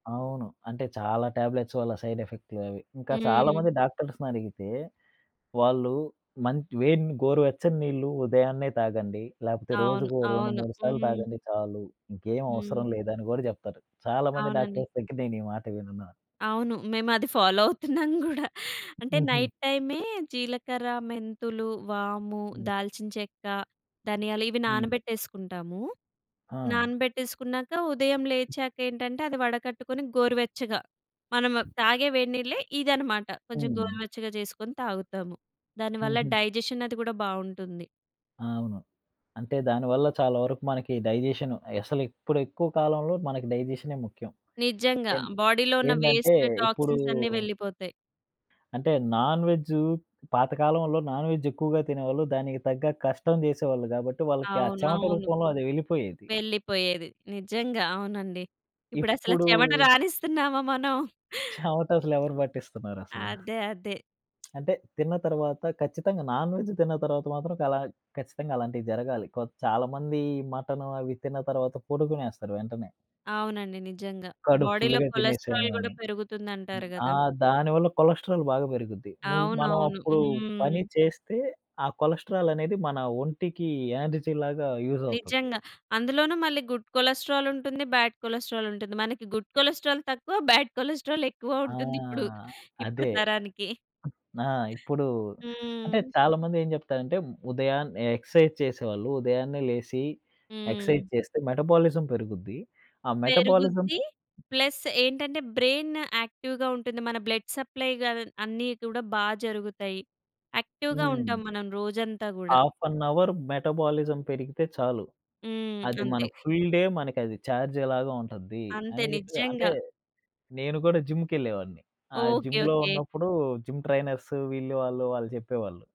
అవును. అంటే, చాలా టాబ్లెట్స్ వల్ల సైడ్ ఎఫెక్ట్‌లే అవి. ఇంకా హ్మ్. చాలామంది డాక్టర్స్‌నడిగితే, వాళ్ళు మంచ్ వేడిని గోరువెచ్చని నీళ్లు ఉదయాన్నే తాగండి, లేపోతే అవును. రోజుకో రెండు అవును. మూడు సార్లు హ్మ్. తాగండి చాలు, ఇంకేం హ్మ్. అవసరం లేదని గూడా జెప్తరు. చాలామంది అవునండి. డాక్టర్స్ దగ్గర నేనీ మాట విన్నా. అవును. మేమది ఫాలో అవుతున్నాం గూడా. అంటే, హుహు. నైటైమే జీలకర్ర, మెంతులు, వాము, హ్మ్. దాల్చిన చెక్క, ధనియాలు ఇవి హ్మ్. నానబెట్టేసుకుంటాము. ఆ! నానబెట్టేసుకున్నాక, ఉదయం లేచాకేంటంటే, అది వడకట్టుకొని, గోరువెచ్చగా, మనము తాగే వేడినీళ్ళే ఇదనమాట. కొంచెం హ్మ్. గోరువెచ్చగా చేసుకొని తాగుతాము. దానివల్ల హుహు. డైజెషన్ అది కూడా బావుంటుంది. ఆ! ఆవును. అంటే, దానివల్ల చాలా వరకు మనకి డైజెషను, అసలు ఇప్పుడెక్కువ కాలంలో మనకి డైజెషనే ముఖ్యం. నిజంగా ఎన్ బోడీలో ఉన్న ఏందంటే వేస్ట్, ఇప్పుడూ టాక్సిన్స్ అన్నీ వెళ్ళిపోతాయి. అంటే, నాన్‌వెజ్జూ పాతకాలంలో నాన్‌వెజ్జెక్కువగా తినేవాళ్ళు, దానికి తగ్గ కష్టం జేసేవాళ్ళు గాబట్టి, వాళ్ళకి ఆ చెవట అవునవును. రూపంలో అదెళ్ళిపోయేది. వెళ్ళిపోయేది. నిజంగా. అవునండి. ఇప్పుడసల ఇప్పుడూ చెమట రానిస్తున్నామా మనం? చవటసలెవరు పట్టిస్తున్నారసల? అదే. అదే. అంటే, తిన్న తర్వాత, ఖచ్చితంగా నాన్‌వెజ్ తిన్న తర్వాత మాత్రం, చాలా ఖచ్చితంగా అలాంటియి జరగాలి. కొద్ చాలామంది ఈ మటను అవి తిన్న తర్వాత, పడుకునేస్తరు వెంటనే. అవునండి. నిజంగా. కడుపు బోడీలో ఫుల్లుగా తినేసాను కొలెస్ట్రాల్ గూడా అని. పెరుగుతుందంటారు ఆ! గదా! దానివల్ల కొలెస్ట్రాలు బాగా పెరుగుద్ది. నువ్ మనం అవునవును. అప్పుడు పని హ్మ్. చేస్తే, ఆ కొలెస్ట్రాల్ అనేది మన ఒంటికి, ఎనర్జీ లాగా యూజ్ అవుతుంది. నిజంగా. అందులోనూ మళ్ళీ గుడ్ కొలెస్ట్రాలుంటుంది, బ్యాడ్ కొలెస్ట్రాలుంటుంది. మనకి గుడ్ కొలెస్ట్రాల్ తక్కువ బ్యాడ్ కొలెస్ట్రాల్ ఎక్కువ ఆ! ఉంటుందిప్పుడు. ఇప్పుడు అదే. తరానికి. నా ఇప్పుడూ, హ్మ్. అంటే చాలామందేం చెప్తారంటే ఉదయాన్నే ఎక్స‌సైజ్ చేసేవాళ్ళు, ఉదయాన్నే లేసి, హ్మ్. ఎక్స‌సైజ్ చేస్తే మెటబోలిజం పెరుగుద్ది. ఆ మెటబోలిజం పెరుగుద్ది. ప్లస్ ఏంటంటే, బ్రెయిన్ యాక్టివ్‌గా ఉంటుంది. మన బ్లడ్ సప్లయి గాదన్ అన్నీ కూడా బా జరుగుతాయి. యాక్టివ్‌గా ఉంటాం హ్మ్. మనం రోజంతా గూడా. ఆఫ్ అన్ అవరు మెటబోలిజం పెరిగితే చాలు. హ్మ్. అది అంతే. మనకు ఫుల్ డే మనకది ఛార్జేలాగా ఉంటద్ది. అంతే. అని జెప్పి అంటే నిజంగా. నేను కూడా జిమ్‌కెళ్ళేవాడిని. ఆ ఓకె. జిమ్‌లో ఓకె. ఉన్నప్పుడు, జిమ్ ట్రైనర్సు, వీళ్ళు, వాళ్ళు, వాళ్ళు చెప్పేవాళ్ళు.